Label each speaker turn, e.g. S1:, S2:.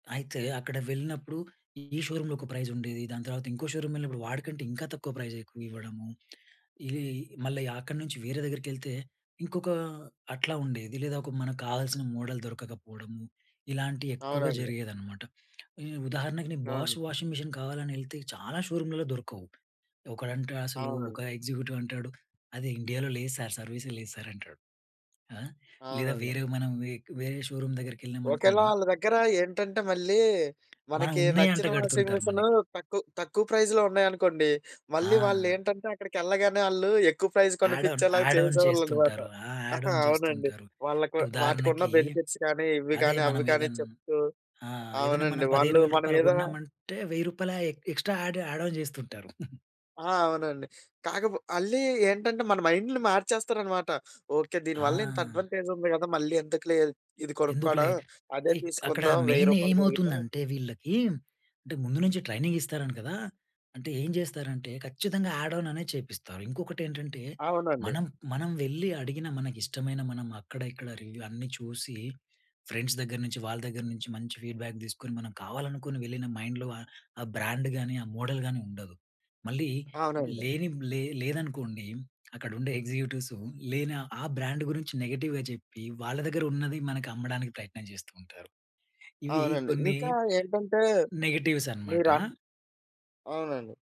S1: అయితే అక్కడ వెళ్ళినప్పుడు ఈ షోరూమ్‌లో ఒక ప్రైజుండేది. దాని తర్వాత ఇంకో షోరూమ్ వెళ్ళినప్పుడు వాడికంటే ఇంకా తక్కువ ప్రైజెక్కువ ఇవ్వడము. ఇది మళ్ళీ అక్కడి నుంచి వేరే దగ్గరికేళ్తే ఇంకొక అట్లా ఉండేది. లేదా ఒక మనకు కావాల్సిన మోడల్ దొరకకపోవడమూ, ఇలాంటివెక్కువగా
S2: అవునండి.
S1: జరిగేదనమాట. ఉ ఉదాహరణకు నేను బాష్
S2: అవును.
S1: వాషింగ్ మిషన్ కావాలని ఎళ్తే చాలా షోరూంలలో దొరకవు. ఒకడంటే అసలూ
S2: అవునండి.
S1: ఒక ఎగ్జిక్యూటివ్ అంటాడు, "అది ఇండియాలో లేదు సార్. సర్వీసే లేదు సార్" అంటాడు. ఆ! లేదా
S2: అవునండి.
S1: వేరే మనం వె వేరే షోరూమ్
S2: ఒకవేళ
S1: దగ్గరికెళ్ళామనుకోండి
S2: ఆళ్ళ దగ్గరేంటంటే మళ్ళీ
S1: మనం
S2: మనకి
S1: ఉన్నాయి అంట
S2: నచ్చిన వాషింగ్
S1: కడుతుంటారు
S2: మిషను
S1: మనకి.
S2: తక్కువ, తక్కువ ప్రైజ్‌లో ఉన్నాయనుకోండి మళ్ళీ
S1: ఆ!
S2: వాళ్ళేంటంటే అక్కడికెళ్ళగానే వాళ్ళు ఎక్కువ ప్రైజ్
S1: యాడ్ ఆన్
S2: కొనిపించేలా
S1: యాడ్ ఆన్
S2: చేసేవాళ్ళనమాట.
S1: చేస్తుంటారు. ఆ యాడ్ ఆన్
S2: అవునండి.
S1: చేస్తుంటారు.
S2: వాళ్ళకి
S1: అంటే
S2: వాటికున్న
S1: ఉదాహరణకీ
S2: బెనిఫిట్స్ కానీ, ఇవి
S1: అదే
S2: కానీ,
S1: మనం
S2: అవి కానీ
S1: ఏదైన్
S2: చెప్తూ
S1: ఆ! ఏదైనా
S2: అవునండి.
S1: మనం పదిహేను
S2: వాళ్ళూ
S1: వేల
S2: మన
S1: రూపాయల
S2: మీద
S1: కొన్నామంటే రూ. 1000 రూపాయల ఎక్ ఎక్స్‌ట్రా యాడ్ యాడ్ ఆన్ చేస్తుంటారు.
S2: ఆ! అవునండి. కాకపో మళ్ళీ ఏంటంటే మన మైండ్‌లు మార్చేస్తారనమాట. ఓకె
S1: ఆ!
S2: దీనివల్లింత అడ్వాంటేజ్ ఉంది కదా! మళ్ళీ ఎందుకులే ఇది కొనుక్కోవడం
S1: ఎందుకులే
S2: అదే
S1: ఇక్ అక్కడ
S2: తీసుకుందాం రూ. 1000 రూపాయలు
S1: మెయినేమవుతుంది
S2: పెరిగినా
S1: అంటే వీళ్ళకీ అంటే ముందు నుంచి ట్రైనింగ్ ఇస్తారు అంటా కదా! అంటే ఏం చేస్తారంటే ఖచ్చితంగా యాడ్ ఆన్ చేపిస్తారు. ఇంకొకటేంటంటే,
S2: అవునండి.
S1: మనం, మనం వెళ్లి అడిగిన మనకిష్టమైన మనం అక్కడ ఇక్కడ రివ్యూ అన్ని చూసి ఫ్రెండ్స్ దగ్గర నుంచి వాళ్ళ దగ్గర నుంచి మంచి ఫీడ్‌బ్యాక్ తీసుకొని మనం కావాలనుకుని వెళ్ళిన మైండ్‌లో ఆ బ్రాండ్ గానీ, ఆ మోడల్‌ గాని ఉండదు. మళ్ళీ
S2: అవునండి.
S1: లేనివి లే లేదనుకోండి అక్కడుండే ఎగ్జిక్యూటివ్సు లేని ఆ బ్రాండ్ గురించి నెగెటివ్‌గా చెప్పి వాళ్ళ దగ్గరున్నది మనకమ్మడానికి ప్రయత్నం చేస్తూ ఉంటారు. ఇవి
S2: అవునండి.
S1: కొన్ని
S2: ఇంకా ఏంటంటే
S1: నెగటివ్స్
S2: మీరా
S1: అనమాట.
S2: అవునండి.